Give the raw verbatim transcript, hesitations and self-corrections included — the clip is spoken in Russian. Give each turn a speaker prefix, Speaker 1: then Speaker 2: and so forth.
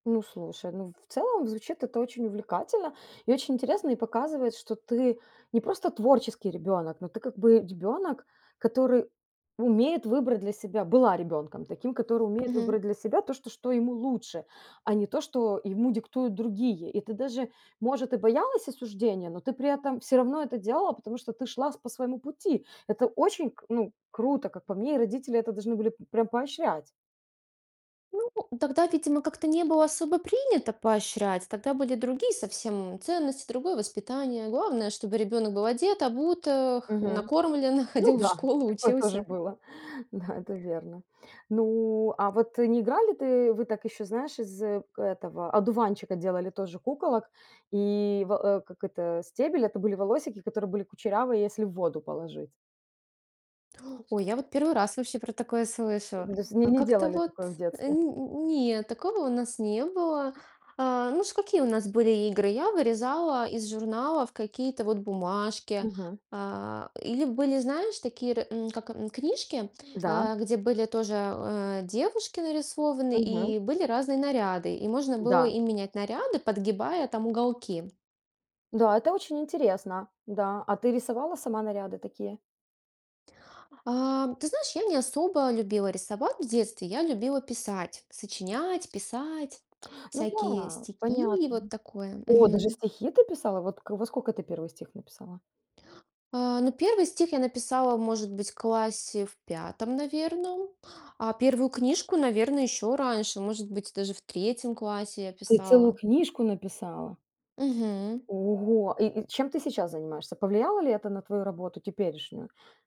Speaker 1: Ну слушай, ну, в целом звучит это очень увлекательно и очень интересно. И показывает, что ты не просто творческий ребенок, но ты как бы ребенок, который умеет выбрать для себя была ребенком таким, который умеет
Speaker 2: Мгм.
Speaker 1: выбрать для себя то, что что ему лучше, а не то, что ему диктуют другие. И ты даже, может, и боялась осуждения, но ты при этом всё равно это делала, потому что ты шла с по своему пути. Это очень к ну, круто, как по мне, и родители это должны были, прям поощрять.
Speaker 2: Ну, тогда, видимо, как-то не было особо принято поощрять, тогда были другие совсем ценности, другое воспитание. Главное, чтобы ребенок был одет, обут, эх,
Speaker 1: Мгм.
Speaker 2: накормлен,
Speaker 1: Ну
Speaker 2: ходил в
Speaker 1: да,
Speaker 2: школу,
Speaker 1: такое тоже
Speaker 2: учился.
Speaker 1: было. Да, это верно. Ну, а вот не играли ты вы так еще, знаешь, из этого, одуванчика, делали тоже куколок и, в, э, как это, стебель- это были волосики, которые были кучерявые, если в воду положить.
Speaker 2: Ой, я вот первый раз вообще про такое слышу.
Speaker 1: Ну, то есть ни
Speaker 2: А
Speaker 1: не
Speaker 2: как-то
Speaker 1: делали
Speaker 2: вот,
Speaker 1: такое в
Speaker 2: э,
Speaker 1: детстве?
Speaker 2: нь не, такого у нас не было. А, ну ш какие у нас были игры? Я вырезала из журналов какие-то вот бумажки.
Speaker 1: Мгм.
Speaker 2: А, или были, знаешь, такие р м, как, м, книжки,
Speaker 1: Да.
Speaker 2: а, где были тоже, э, девушки нарисованы
Speaker 1: Мгм.
Speaker 2: и были разные наряды, и можно было
Speaker 1: Да.
Speaker 2: им менять наряды, подгибая там уголки.
Speaker 1: Да. Это очень интересно, да, а ты рисовала сама наряды такие?
Speaker 2: Ам, ты знаешь, я не особо любила рисовать в детстве, я любила писать, сочинять, писать,
Speaker 1: Ну
Speaker 2: всякие
Speaker 1: да,
Speaker 2: стихи,
Speaker 1: понятно.
Speaker 2: вот такое.
Speaker 1: О, даже
Speaker 2: Мгм.
Speaker 1: стихи ты писала. Вот к во скока ты первый стих написала?
Speaker 2: А, ну первый стих я написала, может быть, классе в пятом, наверно. А первую книжку, наверно, еще раньше, может быть, даже в третьем классе я
Speaker 1: Ты целую
Speaker 2: писала.
Speaker 1: книжку написала!
Speaker 2: Мгм.
Speaker 1: Ого. И и чем ты сейчас занимаешься? Повлияло ли это на твою работу теперешнюю?